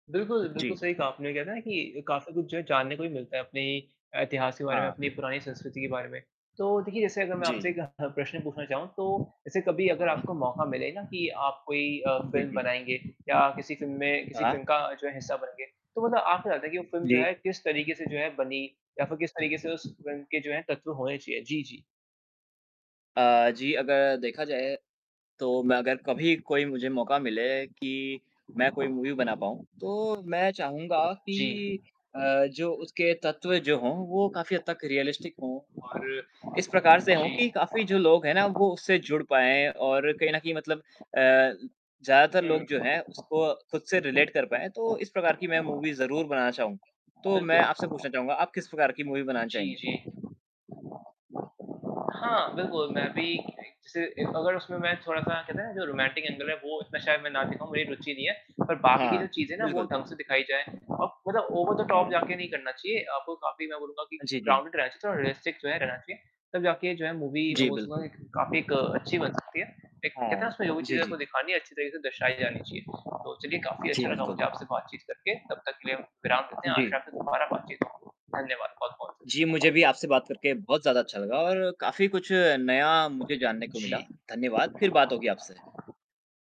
बिल्कुल, बिल्कुल, जी। सही कहा आपने वो कहते है ना, कि काफ़ी कुछ जो है जानने को भी मिलता है अपने अ, इतिहास के बारे में, हाँ। अपनी पुरानी संस्कृति के बारे में। तो देखिए जैसे अगर मैं जी, आपसे जी। एक अ, प्रश्न पूछना चाहूँ तो, ऐसे कभी अगर हाँ। आपको मौका मिले ना कि आप कोई अ, जी, फ़िल्म जी। बनाएँगे या किसी फ़िल्म में किसी हाँ। फ़िल्म का जो है हिस्सा बनेंगे तो मतलब आप क्या चाहते है कि वो फ़िल्म जो जी। है किस तरीके से जो है बनी या फ़िर किस तरीके से उस फ़िल्म के जो है कथ्य होने चाहिए? जी, जी। अ, जी अगर देखा जाए तो मैं अगर कभी कोई मुझे मौका मिले कि मैं कोई मूवी बना पाऊँ, तो मैं चाहूँगा जी। कि अ, जो उसके तत्व जो हों, वो काफ़ी हद तक रियलिस्टिक हों और इस प्रकार से हो जी। कि काफ़ी जो लोग हैं ना, वो उससे जुड़ पाएँ और कहीं न कहीं मतलब अ, ल ज़्यादातर लोग जो हैं हुँ। उसको खुद से रिलेट कर पाएँ। तो इस प्रकार की मैं मूवी ज़रूर बनाना चाहूँगा। तो मैं आपसे बिल्कुल। पूछना चाहूँगा आप किस प्रकार की मूवी बनाना जी, चाहेंगे? जी। हाँ, बिल्कुल मैं भी एक जैसे एक अगर उसमें मैं थोड़ा-सा कहते हैं ना, जो रोमांटिक एंगल है वो इसमें शायद मैं ना दिखाऊ मेरी रुचि नहीं है पर बाकी की जो हाँ। चीज़ें हैं ना वो बिल्कुल। ढँग से दिखाई जाएँ। और मतलब ओवर द टॉप हाँ। जाके नहीं करना चाहिए आपको काफ़ी मैं बोलूँगा कि अ, जी, जी। ग्राउंडेड रहना चाहिए और रियलिस्टिक जो है रहना चाहिए। तब जाके जो है मूवी मैं जी, बिल्कुल। बोलूँगा कि काफ़ी एक अच्छी बन सकती है, एक कहते हैं ना? हाँ। उसमें जो भी जी, चीज़ें हैं आपको जी। दिखानी है अच्छी तरीके से दर्शाई जानी चाहिए। तो चलिए काफ़ी जी, अच्छा लगा बिल्कुल। मुझे आपसे बातचीत करके तब तक के लिए हम विराम लेते हैं आशा जी। है फिर दोबारा बातचीत करेंगे। धन्यवाद, बहुत-बहुत श जी, मुझे भी आपसे बात करके बहुत ज़्यादा अच्छा लगा और काफ़ी कुछ नया मुझे जानने को मिला, जी। धन्यवाद फिर बात होगी आपसे।